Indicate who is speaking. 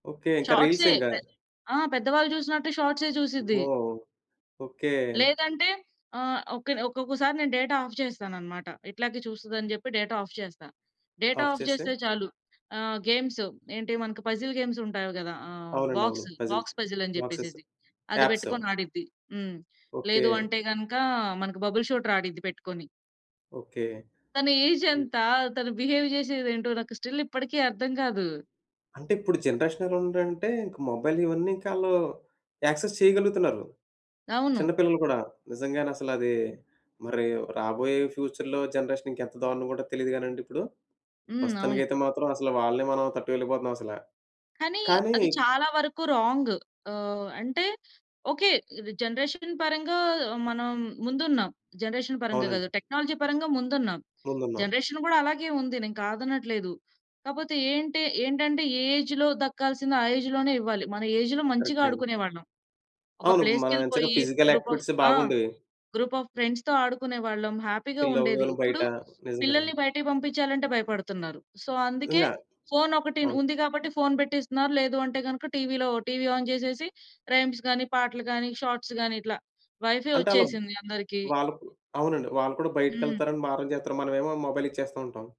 Speaker 1: Okay. ఇంక reels
Speaker 2: షార్ట్‌సే,
Speaker 1: ఇంకా.
Speaker 2: పె ఆ! పెద్దవాళ్ళు జూసినట్టు షార్ట్‌సే జూసిద్ది.
Speaker 1: అమ్మో! ఓకే.
Speaker 2: లేదంటే, ఆహ్, ఒక్కనే ఒక్కొక్కసారి నేను డేటా ఆఫ్ చేస్తానన్నమాట. ఇట్లాగే చూస్తదని జెప్పి, డేటా ఆఫ్ చేస్తా. డేటా
Speaker 1: ఆఫ్
Speaker 2: ఆఫ్
Speaker 1: చేస్తే?
Speaker 2: జేస్తే చాలు ఆహ్, గేమ్సు ఏంటి మనకు పజిల్ గేమ్స్ ఉంటాయివి గదా! ఆహ్,
Speaker 1: అవునండి. అవును.
Speaker 2: బాక్సు,
Speaker 1: పజిల్
Speaker 2: బాక్స్ పజిల్ అని
Speaker 1: బాక్సేసు
Speaker 2: జెప్పేసేసి అది
Speaker 1: ట్యాప్‌సో.
Speaker 2: బెట్టుకొని ఆడిద్ది. హ్మ్.
Speaker 1: ఓకే.
Speaker 2: లేదు అంటే గనక, మనకి బబుల్ షూటర్ ఆడిద్ది పెట్టుకొని.
Speaker 1: ఓకే.
Speaker 2: తన ఏజ్
Speaker 1: హ్మ్.
Speaker 2: ఎంత, తను బిహేవ్ జేసేది ఏంటో, నాకు స్టిల్ ఇప్పటికి అర్థం గాదు.
Speaker 1: అంటే ఇప్పుడు జనరేషన్ ఎలా ఉందంటే, ఇంక మొబైల్ ఇవన్నీ ఇంకా ఆళ్ళు యాక్సెస్ చేయగలుగుతున్నారు. చిన్న
Speaker 2: అవును.
Speaker 1: పిల్లలు గూడా. నిజంగానే అసలది మరి రాబోయే ఫ్యూచర్‌లో జనరేషన్ ఇంకెంత దారుణంగుంటదొ తెలీదు గానండి ఇప్పుడు.
Speaker 2: హ్మ్. అవును.
Speaker 1: ప్రస్తుతానికైతే మాత్రం అసలు వాళ్ళనే మనం తట్టుకోలేక‌పోతున్నాం అసలా.
Speaker 2: కానీ
Speaker 1: కానీ
Speaker 2: అది చాలా వరుకు రాంగు ఆహ్, అంటే ఓకే. ఇది జనరేషన్ పరంగా మనం ముందున్నాం. జనరేషన్ పరంగా గాదు,
Speaker 1: అవునండి.
Speaker 2: టెక్నాలజీ పరంగా ముందున్నాం.
Speaker 1: ముందున్న
Speaker 2: జనరేషన్ గూడా అలాగే ఉంది నేను కాదనట్లేదు. కాపోతే ఏంటి ఏంటంటే, ఏ ఏజ్‌లో దక్కాల్సింది ఆ ఏజ్‌లోనే ఇవ్వాలి. మన ఏజ్‌లో మంచిగా
Speaker 1: కరెక్ట్ అండి.
Speaker 2: ఆడుకునేవాళ్ళం. ఒక
Speaker 1: అవును. మనం ఎంచక్కగా
Speaker 2: ప్లేస్‌కెళ్ళిపోయి
Speaker 1: ఫిజికల్
Speaker 2: గ్రూప్ ఆఫ్
Speaker 1: యాక్టివిటీసే
Speaker 2: ఆ!
Speaker 1: బాగుండేవి.
Speaker 2: గ్రూప్ ఆఫ్ ఫ్రెండ్స్‌తో ఆడుకునేవాళ్ళం. హ్యాపీగా
Speaker 1: చిల్ అవ్వు
Speaker 2: ఉండేది.
Speaker 1: అని బయట
Speaker 2: ఇప్పుడు,
Speaker 1: నిజంగానండి.
Speaker 2: పిల్లల్ని బయటకి బంపించాలంటే భయపడుతున్నారు. సో, అందుకే
Speaker 1: ఇంగా
Speaker 2: ఫోన్ ఒకటిన్
Speaker 1: అవును.
Speaker 2: ఉంది గాబట్టి ఫోన్ బెట్టిస్తున్నారు. లేదు అంటే గనక టీవీ‌లో టీవీ ఆన్ జేసేసి, రైమ్స్ గాని, పాటలు గాని, షార్ట్స్ గాని, ఇట్లా. వైఫై
Speaker 1: అంటా అలబ్
Speaker 2: ఒచ్చేసింది అందరికి.
Speaker 1: వాళ్ళుకు అవునండి. వాళ్ళు కూడా
Speaker 2: హ్మ్.
Speaker 1: బయటికెళ్తారని మారం జేత్తారు. మనమేమో మొబైల్ ఇచ్చేస్తూంటాం.